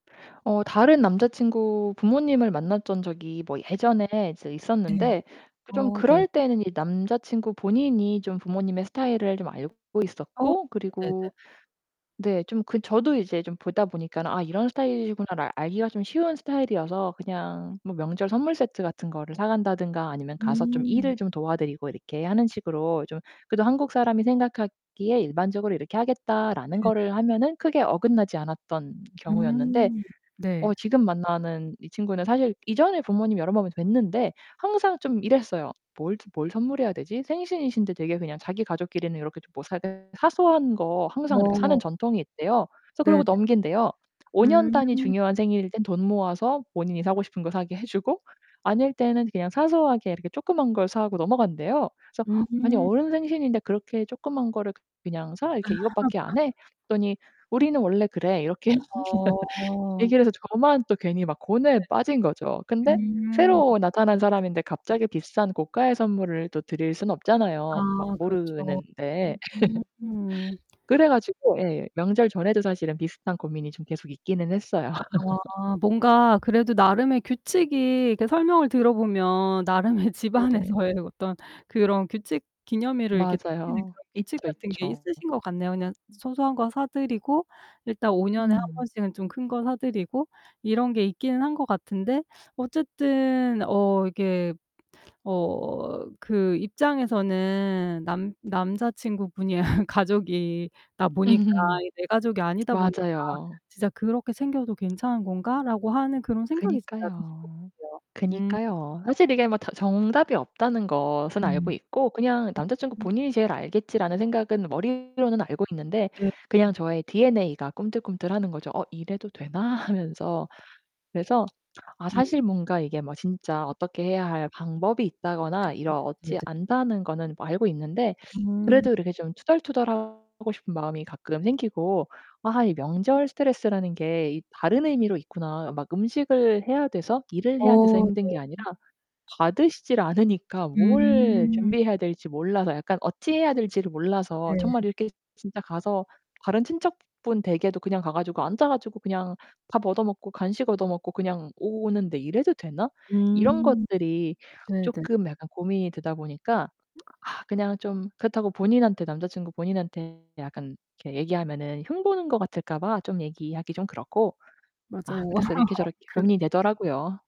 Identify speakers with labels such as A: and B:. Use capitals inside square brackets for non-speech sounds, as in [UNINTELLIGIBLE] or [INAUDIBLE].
A: 어 다른 남자친구 부모님을 만났던 적이 뭐 예전에 이제
B: 네.
A: 있었는데 좀
B: 어 네.
A: 그럴 때는 이 남자친구 본인이 좀 부모님의 스타일을 좀 알고
B: 어
A: 있었고 그리고
B: 네네네.
A: 네 좀 그 저도 이제 좀 보다 보니까 '아 이런 스타일이구나.'를 알기가 좀 쉬운 스타일이어서 그냥 뭐 명절 선물세트 같은 거를 사간다든가 아니면 가서 좀
B: 음.
A: 일을 좀 도와드리고 이렇게 하는 식으로 좀 그래도 한국사람이 생각하기에 일반적으로 '이렇게 하겠다.'라는
B: 네 네.
A: 거를 하면은 크게 어긋나지 않았던 경우였는데.
B: 음, 네.
A: 어 지금 만나는 이 친구는 사실 이전에 부모님이 여러번 뵀는데 항상 좀 이랬어요. '뭘 뭘 선물해야 되지?' 생신이신데 되게 그냥 자기 가족끼리는 요렇게 좀 못 [UNINTELLIGIBLE] 사소한 거 항상 이렇게 사는
B: 어.
A: 전통이 있대요. 그래서
B: 네
A: 그러고
B: 네.
A: 넘긴대요. 5 년
B: 음.
A: 단위 중요한 생일일 땐 돈 모아서 본인이 사고 싶은 거 사게 해 주고 아닐 때는 그냥 사소하게 이렇게 쪼끄만 걸 사고 넘어간대요. 그래서 아니
B: 음.
A: "어른 생신인데 그렇게 쪼끄만 거를 그냥 사? 이렇게 이것 밖에 안 해?"
B: [LAUGHS]
A: 그랬더니 "우리는 원래 그래." 이렇게 [LAUGHS]
B: 어.
A: 얘기를 해서 저만 또 괜히 막 고뇌에 빠진 거죠.
B: 네.
A: 근데
B: 음.
A: 새로 나타난 사람인데 갑자기 비싼 고가의 선물을 또 드릴 순
B: 아
A: 없잖아요 막
B: 그렇죠.
A: 모르는데.
B: 음.
A: [LAUGHS] 그래 가지고 예 명절 전에도 사실은 비슷한 고민이 좀 계속 있기는 했어요. [LAUGHS]
B: 아 뭔가 그래도 나름의 규칙이 이렇게 설명을 들어 보면 나름의
A: 네.
B: 집안에서의 어떤 그런 규칙 기념일을 이렇게 챙기는
A: 맞아요.
B: 그런 규칙
A: 있죠,
B: 같은 게
A: 있죠.
B: 있으신 것 같네요. 그냥 소소한 거 사 드리고 일단 오 년에 1
A: 음.
B: 번씩은 좀 큰 거 사 드리고 이런 게 있긴 한 것 같은데 어쨌든 어 이게 어 그 입장에서는 남 남자친구분이 가족이다
A: 음
B: 보니까
A: 흠
B: 이 내 가족이 아니다 보니까
A: 맞아요.
B: '진짜 그렇게 챙겨도 괜찮은 건가.'라고 하는 그런 생각이 진짜 드실 것
A: 그니까요.
B: 같아요. 음.
A: 그니까요. 사실 이게 뭐 다 정답이 없다는
B: 음.
A: 것은 알고
B: 음
A: 있고 그냥 '남자친구
B: 음.
A: 본인이 제일 알겠지.'라는 생각은 머리로는 알고 있는데
B: 네.
A: 그냥
B: 음.
A: 저의 DNA 가 꿈틀꿈틀하는 거죠. '어 이래도 되나?' 하면서 그래서 아
B: 음.
A: 사실 뭔가 이게 뭐 진짜 어떻게 해야 할 방법이
B: 네
A: 있다거나
B: 네네네.
A: 이렇지 않다는 거는 뭐 알고 있는데
B: 음.
A: 그래도 이렇게 좀 투덜투덜 하고 싶은 마음이 가끔 생기고. '아 이 명절 스트레스라는 게 이 다른 의미로 있구나.' 어 막 음식을 해야 돼서 일을 해야 돼서
B: 어
A: 힘든
B: 네.
A: 게 아니라 받으시질 않으니까 뭘
B: 음.
A: 준비해야 될지 몰라서 약간 어찌 해야 될지를 몰라서
B: 네.
A: 정말 이렇게 진짜 가서 다른 친척분 댁에도 그냥 가 가지고 앉아 가지고 그냥 밥 얻어 먹고 간식 얻어 먹고 그냥 오는데 '이래도 되나?' 이런
B: 음
A: 것들이
B: 네 네.
A: 쪼끔 약간 고민이 되다 보니까.
B: [UNINTELLIGIBLE]
A: [SMACKS LIPS] 아 그냥 좀 그렇다고 본인한테 남자친구 본인한테 약간 이렇게 얘기하면은 흉보는 것 같을까 봐 좀 얘기하기 좀 그렇고. 아
B: 맞아요.
A: 그래서 이렇게 저렇게
B: [LAUGHS] 그
A: 고민이 되더라고요.